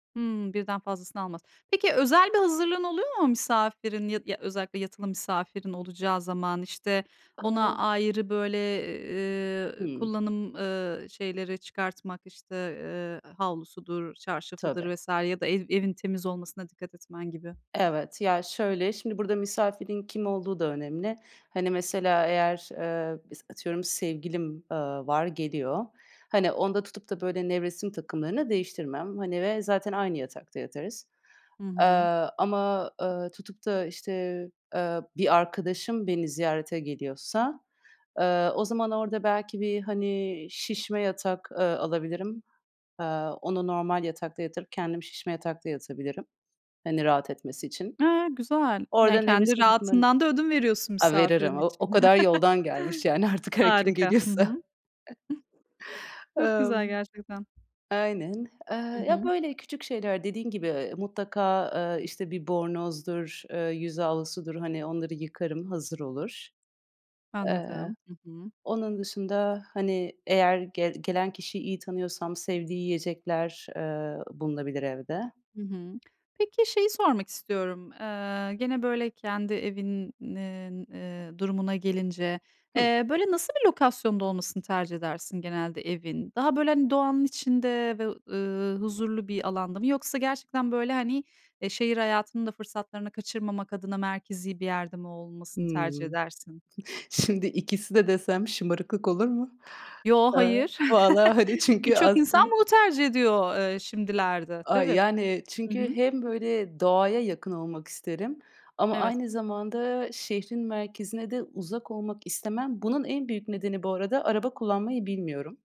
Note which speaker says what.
Speaker 1: Hımm, birden fazlasını almaz. Peki özel bir hazırlığın oluyor mu misafirin ya d ya, özellikle yatılı misafirin olacağı zaman? İşte, ona
Speaker 2: Hıı.
Speaker 1: ayrı, böyle, eee,
Speaker 2: Hımm.
Speaker 1: kullanım, ııı, şeyleri çıkartmak, işte, eee, havlusudur,
Speaker 2: Tabii.
Speaker 1: çarşafıdır vs. ya da ev evin temiz olmasına dikkat etmen gibi.
Speaker 2: Evet. Ya, şöyle, şimdi burada misafirin kim olduğu da önemli. Hani, mesela eğer, eee, bis atıyorum, sevgilim, aaa, var, geliyor. Hani, onda tutup da böyle nevresim takımlarını değiştirmem, hani, ve zaten aynı yatakta yatarız.
Speaker 1: Hı hı.
Speaker 2: Aaa, ama, ııı, tutup da, işte, eee, bir arkadaşım beni ziyarete geliyorsa, eee, o zaman orada belki bir, hani, şişme yatak, eee, alabilirim. Aaa, onu normal yatakta yatırıp kendim şişme yatakta yatabilirim, hani, rahat etmesi için.
Speaker 1: A, güzel. Yani,
Speaker 2: Orada
Speaker 1: kendi
Speaker 2: nevresim takımlarını d
Speaker 1: rahatından da ödün veriyorsun
Speaker 2: A,
Speaker 1: misafirin
Speaker 2: veririm. O o
Speaker 1: için.
Speaker 2: kadar yoldan gelmiş yani artık her kim
Speaker 1: Harika. Hı hı. Hıh.
Speaker 2: geliyorsa.
Speaker 1: Çok
Speaker 2: Emm.
Speaker 1: güzel gerçekten.
Speaker 2: Aynen. Eee,
Speaker 1: Hı
Speaker 2: ya,
Speaker 1: hı.
Speaker 2: böyle küçük şeyler, dediğin gibi, mutlaka, aaa, işte, bir bornozdur, eee, yüz havlusudur, hani, onları yıkarım, hazır olur. Eee,
Speaker 1: Anladım. Hı hı.
Speaker 2: onun dışında, hani, eğer gel gelen kişiyi iyi tanıyorsam sevdiği yiyecekler, eee, bulunabilir evde.
Speaker 1: Hı hı. Peki şeyi sormak istiyorum, eee, gene böyle kendi evinin, eee, durumuna gelince,
Speaker 2: Hı.
Speaker 1: eee, böyle, nasıl bir lokasyonda olmasını tercih edersin genelde evin? Daha böyle, hani, doğanın içinde ve ı ııı, huzurlu bir alanda mı? Yoksa gerçekten, böyle, hani, eee, şehir hayatının da fırsatlarını kaçırmamak adına merkezi bir yerde mi olmasını tercih
Speaker 2: Hımm.
Speaker 1: edersin?
Speaker 2: Şimdi ikisi de desem şımarıklık olur mu?
Speaker 1: Yo,
Speaker 2: Aaa,
Speaker 1: hayır.
Speaker 2: valla, hani, çünkü
Speaker 1: Birçok insan
Speaker 2: aslın
Speaker 1: bunu tercih ediyor, eee, şimdilerde.
Speaker 2: ay,
Speaker 1: Tabii.
Speaker 2: yani
Speaker 1: Hı
Speaker 2: çünkü
Speaker 1: hı.
Speaker 2: hem böyle doğaya yakın olmak isterim ama
Speaker 1: Evet.
Speaker 2: aynı zamanda şehrin merkezine de uzak olmak istemem. Bunun en büyük nedeni bu arada araba kullanmayı bilmiyorum.